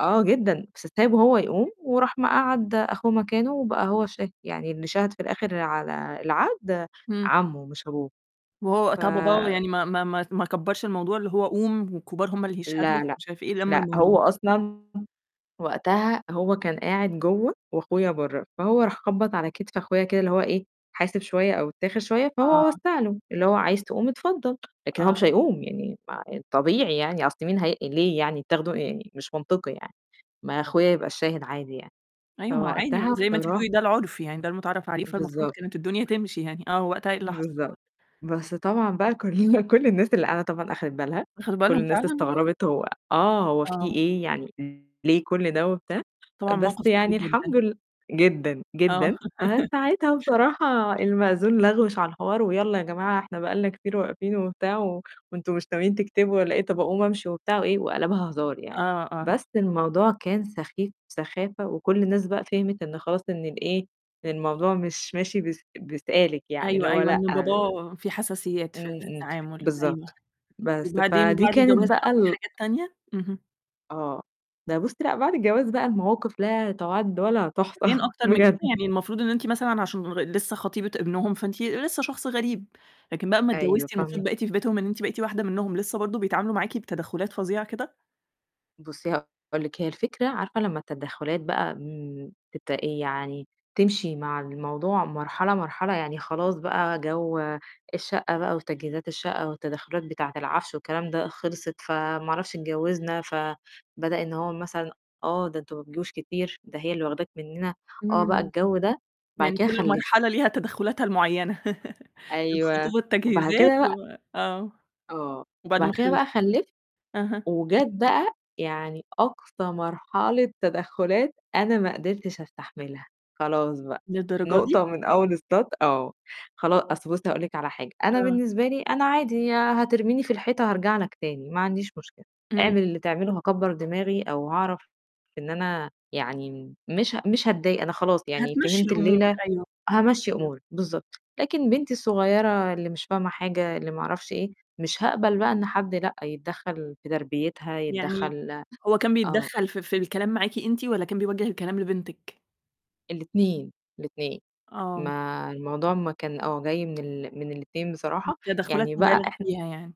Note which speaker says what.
Speaker 1: آه جدًا، س سايبه هو يقوم وراح مقعّد أخوه مكانه وبقى هو الشاهد، يعني اللي شهَد في الآخر على العقد
Speaker 2: امم.
Speaker 1: عمُّه مش أبوه.
Speaker 2: وهو
Speaker 1: ف
Speaker 2: وقتها باباه يعني ما ما ما ما كبّرش الموضوع؟ اللي هو قوم، والكبار هم اللي يشهدوا
Speaker 1: لا، لا،
Speaker 2: ومش عارف إيه، لَمّ
Speaker 1: لأ،
Speaker 2: الموضوع.
Speaker 1: هو أصلًا وقتها هو كان قاعد جوّه، وأخويا برّه، فهو راح خبَّط على كتف أخويا كده، اللي هو إيه حاسب شوية أو اتّاخر شوية، فهو
Speaker 2: آه.
Speaker 1: وسَّع له، اللي هو عايز تقوم اتفضل، لكن هو
Speaker 2: آه.
Speaker 1: مش هيقوم، يعني ما الطبيعي يعني، أصل مين هي ليه يعني تاخده يعني مش منطقي يعني، ما أخويا يبقى الشاهد عادي يعني.
Speaker 2: أيوه، ما هو عادي ما
Speaker 1: فوقتها
Speaker 2: أنتِ زي ما أنتِ
Speaker 1: بصرا
Speaker 2: بتقولي ده العُرف، يعني ده المتعارف عليه، فالمفروض
Speaker 1: بالضبط.
Speaker 2: كانت الدنيا تمشي يعني، آه وقتها إيه اللي حصل؟
Speaker 1: بالضبط، بس طبعًا بقى كلّنا كُلّ الناس اللي قاعدة طبعًا أخدِت بالها،
Speaker 2: أخدوا
Speaker 1: كُلّ
Speaker 2: بالهم
Speaker 1: الناس
Speaker 2: فعلًا؟
Speaker 1: استغربت هو آه، هو في
Speaker 2: آه.
Speaker 1: إيه، يعني ليه كُلّ ده وبتاع،
Speaker 2: طبعًا
Speaker 1: بس
Speaker 2: موقف
Speaker 1: يعني
Speaker 2: محرج جدًا.
Speaker 1: الحمد لل جدًا،
Speaker 2: آه
Speaker 1: جدًا، فساعتها بصراحة المأذون لَغوِش على الحوار، "ويالّا يا جماعة إحنا بقى لنا كتير واقفين،" وبتاع، "و وأنتم مش ناويين تكتبوا والَّا إيه طَب أقوم أمشي،" وبتاع وإيه، وقَلَبها هزار يعني،
Speaker 2: آه، آه.
Speaker 1: بس الموضوع كان سخيف سخافة وكُلّ الناس بقى فهمت إن خلاص إن ال إيه، إن الموضوع مش ماشي بس ب سالك يعني، اللي
Speaker 2: أيوه،
Speaker 1: هو
Speaker 2: أيوه،
Speaker 1: لأ،
Speaker 2: إن
Speaker 1: امم،
Speaker 2: باباه في حساسيات في في
Speaker 1: امم
Speaker 2: التعامل، أيوه،
Speaker 1: بالضبط. بس،
Speaker 2: وبعدين
Speaker 1: فدي
Speaker 2: وبعد
Speaker 1: كانت
Speaker 2: الجواز
Speaker 1: بقى
Speaker 2: حصل
Speaker 1: ال
Speaker 2: حاجات تانية؟ اهم.
Speaker 1: آه، ده بُصّي، لأ بعد الجواز بقى المواقف لا تُعَدّ ولا تُحصَى
Speaker 2: كمان أكتر من
Speaker 1: بجد.
Speaker 2: كده؟ يعني المفروض إن أنتِ مثلًا عشان لغ لسه خطيبة ابنهم فأنتِ لسه شخص غريب، لكن بقى أمّا
Speaker 1: أيوه،
Speaker 2: اتجوزتِ
Speaker 1: فاهمة.
Speaker 2: المفروض بقيتِ في بيتهم إن أنتِ بقيت واحدة منهم، لسه برضه بيتعاملوا معاكِ بتدخّلات فظيعة كده؟
Speaker 1: بُصّي، هاقول لِك، هي الفكرة عارفة لمّا التدخّلات بقى [unintelligible] إيه يعني تمشي مع الموضوع مرحلة، مرحلة، يعني خلاص بقى جوّ الشقة بقى وتجهيزات الشقة والتدخلات بتاعة العفش والكلام ده خلصت، فما أعرفش اتجوزنا، فبدأ إن هو مثلًا آه، ده أنتم ما بتجوش كتير، ده هي اللي واخداك مننا، آه بقى
Speaker 2: امم.
Speaker 1: الجوّ ده، بعد
Speaker 2: يعني
Speaker 1: كده
Speaker 2: كُلّ
Speaker 1: خلِّفت.
Speaker 2: مرحلة ليها تدخّلاتها المعيّنة،
Speaker 1: أيوه،
Speaker 2: الخطوبة
Speaker 1: وبعد
Speaker 2: التجهيزات
Speaker 1: كده بقى
Speaker 2: و آه،
Speaker 1: آه،
Speaker 2: وبعد ما
Speaker 1: بعد كده
Speaker 2: خلِّفتِ.
Speaker 1: بقى خلِّفت
Speaker 2: أها.
Speaker 1: وجات بقى يعني أقصى مرحلة تدخّلات أنا ما قدرتش أستحملها، خلاص بقى،
Speaker 2: للدرجة دي!
Speaker 1: نقطة ومن أول السط آه، خلا أصل بُصّي هاقول لِك على حاجة، أنا
Speaker 2: آه.
Speaker 1: بالنسبة لي، أنا عادي هترميني في الحيطة هارجع لك تاني، ما عنديش مشكلة،
Speaker 2: امم.
Speaker 1: اعمل اللي تعمله هاكبّر دماغي أو هاعرف إن أنا يعني مش ه مش هاتضايق، أنا خلاص يعني
Speaker 2: هتمشّي
Speaker 1: فهمت
Speaker 2: الأمور،
Speaker 1: الليلة،
Speaker 2: أيوه.
Speaker 1: هامشّي
Speaker 2: أيوه.
Speaker 1: أموري، بالضبط، لكن بنتي الصغيرة اللي مش فاهمة حاجة، اللي ما أعرفش إيه، مش هاقبل بقى إن حد لأ، يتدخل في تربيتها،
Speaker 2: يعني
Speaker 1: يتدخل
Speaker 2: هو كان
Speaker 1: آه.
Speaker 2: بيتدخّل في في الكلام معاكِ أنتِ والَّا كان بيوجِّه الكلام لبنتِك؟
Speaker 1: الاتنين، الاتنين،
Speaker 2: آه.
Speaker 1: ما الموضوع ما كان آه، جاي من ال من الاتنين بصراحة،
Speaker 2: تدخّلات
Speaker 1: يعني بقى
Speaker 2: مبالغ
Speaker 1: إحنا
Speaker 2: فيها يعني.